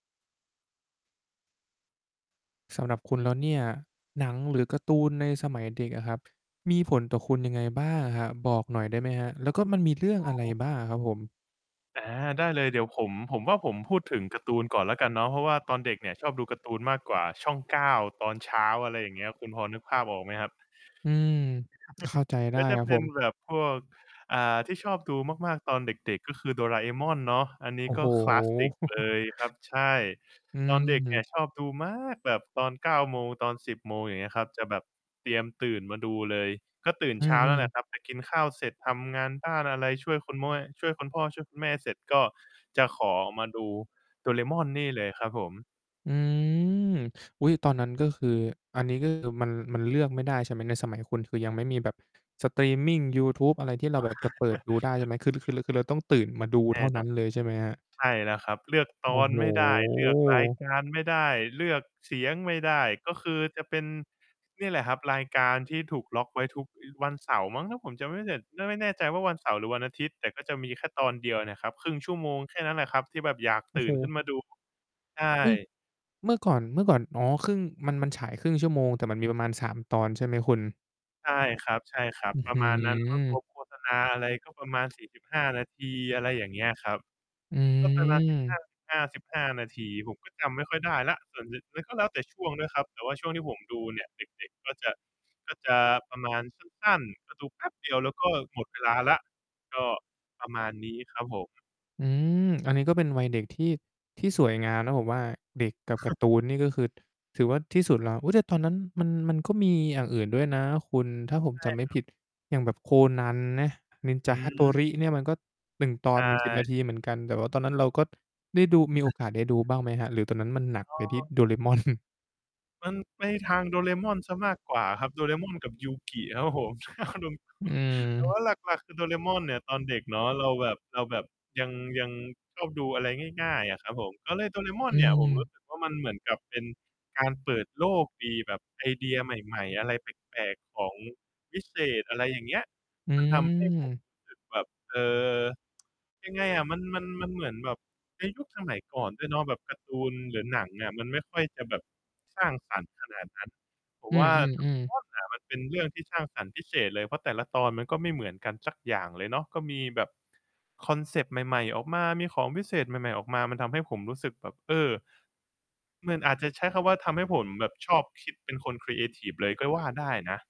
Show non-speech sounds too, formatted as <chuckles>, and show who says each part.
Speaker 1: สำหรับคุณแล้วเนี่ย หนัง หรือการ์ ตูนในสมัยเด็กอะครับ มีผลต่อคุณยังไงบ้างอะครับ? บอกหน่อยได้ไหมครับ แล้วก็มันมีเรื่อ
Speaker 2: ต
Speaker 1: ง
Speaker 2: อ
Speaker 1: อะ
Speaker 2: น
Speaker 1: ไรบ
Speaker 2: ผ
Speaker 1: ้า
Speaker 2: ม
Speaker 1: งอะครับผม?
Speaker 2: อา ได้เลย เดี๋ยวผม ผมว่าผมพูดถึงการ์ตูนก่อนแล้วกันเนาะ เพราะว่าตอนเด็กเนี่ย ชอบดูการ์ตูนมากกว่า ช่อง 9 ตอนเช้า อะไรอย่างเงี้ย คุณพอนึกภาพออกไหมครับ?
Speaker 1: อืม เข้าใจ
Speaker 2: <chuckles>
Speaker 1: ได
Speaker 2: ก
Speaker 1: ้
Speaker 2: ็จะ
Speaker 1: ครับ
Speaker 2: เป
Speaker 1: ผ
Speaker 2: ็น
Speaker 1: ม
Speaker 2: แบบพวก อ่า ที่ชอบดูมาก ๆ ตอนเด็ก ๆ ก็คือ "โดราเอมอน" เนาะ อันนี
Speaker 1: โ
Speaker 2: ้
Speaker 1: อ้
Speaker 2: ก
Speaker 1: โ
Speaker 2: ็
Speaker 1: ฮ
Speaker 2: คลาสสิกเล
Speaker 1: <chuckles>
Speaker 2: ยครับ ใช่
Speaker 1: อื
Speaker 2: ตอนเด็กเนี่ย
Speaker 1: ม
Speaker 2: ชอบดูมากแบบตอน 9 โมง ตอน 10 โมง อย่างเงี้ยครับ จะแบบเตรียมตื่นมาดูเลย ก็ตื่น
Speaker 1: อื
Speaker 2: เช้านั่
Speaker 1: อ
Speaker 2: นแหละ
Speaker 1: ๆ
Speaker 2: ครับ แบบไปกินข้าวเสร็จ ทำงานบ้านอะไร ช่วยคุณแม่ ช่วยคุณพ่อ ช่วยคุณแม่เสร็จ ก็จะขอมาดู "โดราเอมอน" นี่เลยครับผม
Speaker 1: อืม อุ๊ย ตอนนั้น ก็คือ อันนี้ก็ คือ มัน มันเลือกไม่ได้ใช่ไหม? ในสมัยคุณ คือยังไม่มีแบบ สตรีมมิง ยูทูบ อะไรที่เราแบบจะเปิดดูได้ใช่
Speaker 2: <chuckles>
Speaker 1: ไหม? คือรือ คือรือ คือเราต้อง ตื่นมาดู
Speaker 2: แ
Speaker 1: เ
Speaker 2: น
Speaker 1: ท่
Speaker 2: ่
Speaker 1: าน
Speaker 2: น
Speaker 1: ั้
Speaker 2: อ
Speaker 1: น
Speaker 2: น
Speaker 1: เลยใช่ไหมครับ?
Speaker 2: ใช่แล้วครับ เลือก ต
Speaker 1: โอ้
Speaker 2: อน
Speaker 1: โฮ
Speaker 2: ไม่ได้ เลือกรายการไม่ได้ เลือกเสียงไม่ได้ ก็คือจะเป็น เนี่ยแหละครับ รายการที่ถูกล็อกไว้ทุก อ วันเสาร์มั้ง ถ้าผมจำไม่ผิด เริ่มไม่แน่ใจว่า วันเสาร์ หรือวันอาทิตย์ แต่ก็จะมีแค่ตอนเดียวเนี่ยครับ 1/2 ชั่วโมงแค่นั้นแหละครับ ที่แบบอยาก
Speaker 1: โอ
Speaker 2: ต
Speaker 1: ้
Speaker 2: ื
Speaker 1: โ
Speaker 2: ่นขึ้
Speaker 1: ฮ
Speaker 2: นมาดู ใช
Speaker 1: อุ๊ย!
Speaker 2: ่
Speaker 1: เมื่อก่อน เมื่อก่อน อ๋อ ครึ่ง มัน มันฉาย 1/2 ชั่วโมง แต่มันมีประมาณ 3 ตอนใช่ไหมคุณ?
Speaker 2: ใช่ครับ
Speaker 1: อื้อ
Speaker 2: ๆ ปร
Speaker 1: ฮ
Speaker 2: ะ
Speaker 1: ื
Speaker 2: มาณนั้น
Speaker 1: อ
Speaker 2: รวม ๆ โฆษณาอะไร ก็ประมาณ 45 นาที อะไรอย่างเงี้ยครับ
Speaker 1: อ
Speaker 2: ก็ประมาณ สิบห้
Speaker 1: ื
Speaker 2: า
Speaker 1: ม
Speaker 2: สิบห้าสิบห้า นาที ผมก็จำไม่ค่อยได้แล้ว ส่วนหนึ่งมันก็แล้วแต่ช่วงด้วยครับ แต่ว่าช่วงที่ผมดูเนี่ย เด็ก ๆ ก็จะ ก็จะประมาณ สั้น ๆ ก็ดูแป๊บเดียว แล้วก็หมดเวลาแล้ว ก็ประมาณนี้ครับผม
Speaker 1: อืม อันนี้ก็เป็นวัยเด็กที่ ที่สวยงามนะผมว่า เด็กกับการ์ตูน
Speaker 2: <chuckles>
Speaker 1: นี่ ก็คือ ถือว่าที่สุดแล้ว อุ๊ย แต่ตอนนั้น มัน มันก็มีอย่างอื่นด้วยนะคุณ ถ้าผม
Speaker 2: ใช่
Speaker 1: จำไม
Speaker 2: ค
Speaker 1: ่
Speaker 2: ร
Speaker 1: ผ
Speaker 2: ับ
Speaker 1: ิด อย่างแบบ "โคนัน" นะ "นินจ
Speaker 2: อื
Speaker 1: าฮาโต
Speaker 2: ม
Speaker 1: ริ" เนี่ย มันก็ 1 ต
Speaker 2: ใ
Speaker 1: อ
Speaker 2: ช
Speaker 1: นมี 10
Speaker 2: ่
Speaker 1: นาที เหมือนกัน แต่ว่าตอนนั้นเราก็ ได้ดู มีโอ
Speaker 2: อา
Speaker 1: กาสได้ดูบ้างไหมครับ? หรือตอนนั้นมันหนัก
Speaker 2: อ๋
Speaker 1: ไปที่
Speaker 2: อ
Speaker 1: "Doraemon mon" <chuckles>
Speaker 2: มันไปทาง "โดราเอมอน" เสียมากกว่าครับ "โดราเอมอน" กับ Yu-Gi ครับผม <chuckles> รวม
Speaker 1: อื
Speaker 2: ๆ แต่ว
Speaker 1: ม
Speaker 2: ่าหลัก ๆ คือ"โดราเอมอน" เนี่ย ตอนเด็กเนาะ เราแบบ เราแบบยัง ยังชอบดูอะไร ง่าย ๆ อะครับผม ก็เลย "โดราเอมอ
Speaker 1: อ
Speaker 2: น"
Speaker 1: ื
Speaker 2: เนี่ย ผมรู
Speaker 1: ม
Speaker 2: ้สึกว่ามันเหมือนกับเป็นการเปิดโลกดี แบบไอเดียใหม่ ๆ อะไรแปลก ๆ ของวิเศษ อะไรอย่างเงี้ย
Speaker 1: อื
Speaker 2: มันทำให้ผม
Speaker 1: ม
Speaker 2: รู้สึกแบบ เออ ยังไงอะ มัน มัน มันเหมือนแบบในยุคสมัยก่อนด้วยเนาะ แบบการ์ตูน หรือหนังอะ มันไม่ค่อยจะแบบสร้างสรรค์ขนาดนั้น ผม
Speaker 1: อื
Speaker 2: ว่า "โดราเอ
Speaker 1: อ ๆ
Speaker 2: ม
Speaker 1: ๆ
Speaker 2: อน" อะ มันเป็นเรื่องที่สร้างสรรค์พิเศษเลย เพราะแต่ละตอนมันก็ไม่เหมือนกันสักอย่างเลยเนาะ ก็มีแบบคอนเซปต์ใหม่ ๆ ออกมา มีของวิเศษ ใหม่ ๆ ออกมา มันทำให้ผมรู้สึกแบบ เออ มันอาจจะใช้คำว่า ทำให้ผมแบบชอบคิด เป็นคนครีเอทิฟเลย ก็ว่าได้นะ